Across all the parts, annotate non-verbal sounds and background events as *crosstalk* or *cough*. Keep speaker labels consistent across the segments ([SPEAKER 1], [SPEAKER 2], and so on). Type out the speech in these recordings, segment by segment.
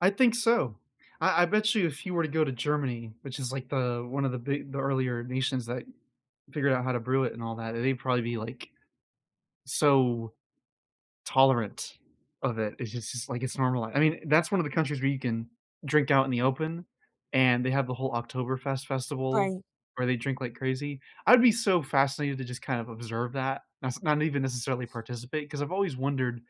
[SPEAKER 1] I think so. I I bet you if you were to go to Germany, which is, like, the one of the big the earlier nations that figured out how to brew it and all that and they'd probably be, like, so tolerant of it. It's just it's like it's normal I I mean, that's one of the countries where you can drink out in the open, and they have the whole Oktoberfest festival
[SPEAKER 2] Right.
[SPEAKER 1] where they drink like crazy. I'd be so fascinated to just kind of observe that. That's not even necessarily participate 'cause I've always wondered,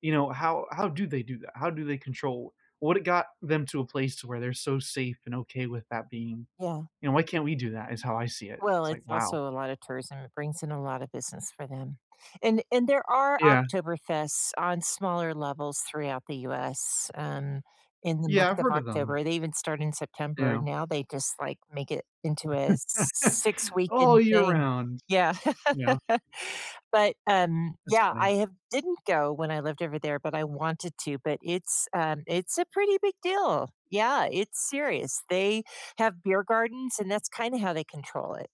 [SPEAKER 1] you know, how how do they do that? How do they control What it got them to a place to where they're so safe and okay with that being?
[SPEAKER 2] Yeah.
[SPEAKER 1] You know, "Why can't we do that?" is how I see it.
[SPEAKER 2] Well,
[SPEAKER 1] It's like,
[SPEAKER 2] it's
[SPEAKER 1] wow.
[SPEAKER 2] also a lotta tourism, it brings in a lot of business for them. And and there are
[SPEAKER 1] Yeah.
[SPEAKER 2] Oktoberfest on smaller levels throughout the US, um, in the
[SPEAKER 1] Yeah,
[SPEAKER 2] month
[SPEAKER 1] I've
[SPEAKER 2] of
[SPEAKER 1] heard of them.
[SPEAKER 2] October- they even start in September.
[SPEAKER 1] Yeah.
[SPEAKER 2] Now, they just, like, make it into a
[SPEAKER 1] *chuckles*
[SPEAKER 2] six-weekend
[SPEAKER 1] All year
[SPEAKER 2] thing.
[SPEAKER 1] round.
[SPEAKER 2] Yeah.
[SPEAKER 1] Yeah.
[SPEAKER 2] But, um,
[SPEAKER 1] That's
[SPEAKER 2] yeah, I
[SPEAKER 1] funny.
[SPEAKER 2] have didn't go when I lived over there, but I wanted to, but it's, um, it's a pretty big deal. Yeah, it's serious. They have beer gardens, and that's kinda how they control it.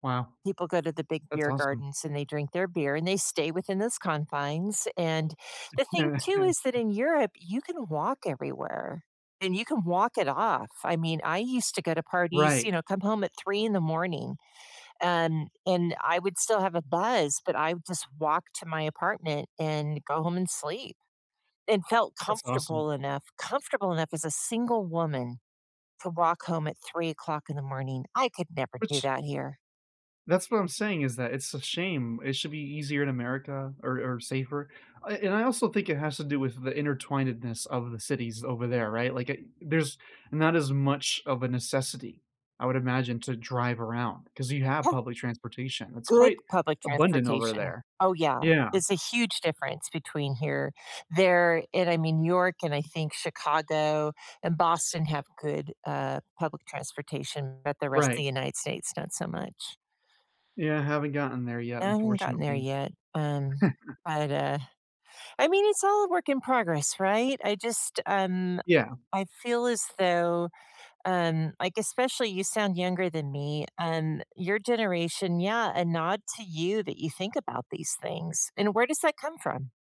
[SPEAKER 1] Wow.
[SPEAKER 2] People go to the big
[SPEAKER 1] That's
[SPEAKER 2] beer
[SPEAKER 1] awesome.
[SPEAKER 2] gardens, and they drink their beer, and they stay within those confines. And the thing, too, is that
[SPEAKER 1] *chuckles*
[SPEAKER 2] in Europe, you can walk everywhere, and you can walk it off. I mean, I used to go to parties,
[SPEAKER 1] Right.
[SPEAKER 2] you know, come home at 3:00 in the morning and and I would still have a buzz, but I would just walk to my apartment and go home and sleep and felt
[SPEAKER 1] That's awesome.
[SPEAKER 2] comfortable enough comfortable enough as a single woman to walk home at 3:00 in the morning. I could never do
[SPEAKER 1] Which
[SPEAKER 2] that here.
[SPEAKER 1] That's what I'm saying is that it's a shame. It should be easier in America or or safer. Uh, and I also think it has to do with the intertwinedness of the cities over there, right? Like, I there's not as much of a necessity, I would imagine, to drive around 'cause you have
[SPEAKER 2] Yeah.
[SPEAKER 1] public transportation- it's
[SPEAKER 2] Good
[SPEAKER 1] quite
[SPEAKER 2] public
[SPEAKER 1] abundant over
[SPEAKER 2] transportation.
[SPEAKER 1] there.
[SPEAKER 2] Oh, yeah.
[SPEAKER 1] Yeah.
[SPEAKER 2] It's a huge difference between here there and I mean, New York and I think Chicago and Boston have good, uh, public transportation, but the rest of
[SPEAKER 1] Right.
[SPEAKER 2] United States, not so much.
[SPEAKER 1] Yeah, haven't gotten there yet,
[SPEAKER 2] Haven't gotten there
[SPEAKER 1] unfortunately.
[SPEAKER 2] yet, um,
[SPEAKER 1] *chuckles*
[SPEAKER 2] but, uh I mean, it's all a work in progress, right? I just, um
[SPEAKER 1] Yeah.
[SPEAKER 2] I feel as though, um- like, especially you sound younger than me- um, your generation yeah, a nod to you that you think about these things, and where does that come from?